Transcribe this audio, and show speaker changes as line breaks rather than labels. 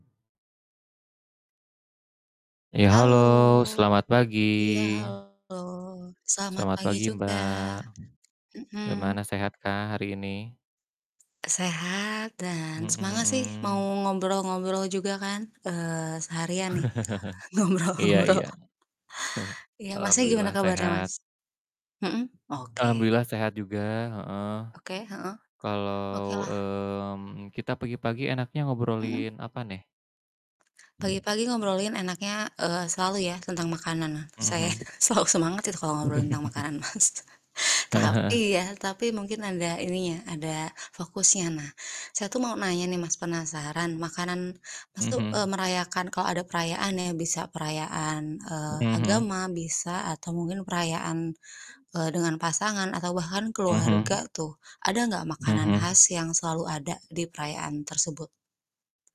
Ya, halo
Halo!
selamat pagi.
Iya, halo. Selamat
Selamat
pagi
pagi,
juga.
Mbak, gimana
Mhm.
sehatkah hari ini?
Sehat dan
Mhm
semangat sih mau
mhm.
ngobrol-ngobrol juga kan, eee, seharian nih
Iya
ngobrol-ngobrol.
iya. Heeh,
Iya, Masnya gimana
Alhamdulillah
kabarnya
sehat.
Mas? Mhm, oke.
Alhamdulillah sehat juga, heeh.
Oke, heeh.
Kalau,
Okelah.
mmm, kita pagi-pagi enaknya
Mhm.
ngobrolin apa nih?
Pagi-pagi ngobrolin enaknya, eee, selalu ya, tentang makanan. Nah,
Mhm
saya
mhm.
selalu semangat sih kalau ngobrol tentang makanan, Mas.
Heeh heeh.
Tapi ya, tapi mungkin ada ininya, ada fokusnya. Nah, saya tuh mau nanya nih, Mas, penasaran, makanan Mas
Mhm
tuh, eee,
mhm.
merayakan kalau ada perayaan ya, bisa perayaan,
Mhm
eee,
mhm.
agama, bisa atau mungkin perayaan dengan pasangan, atau bahkan
Mhm
keluarga
mhm.
tuh, ada enggak
Mhm
makanan
mhm.
khas yang selalu ada di perayaan tersebut?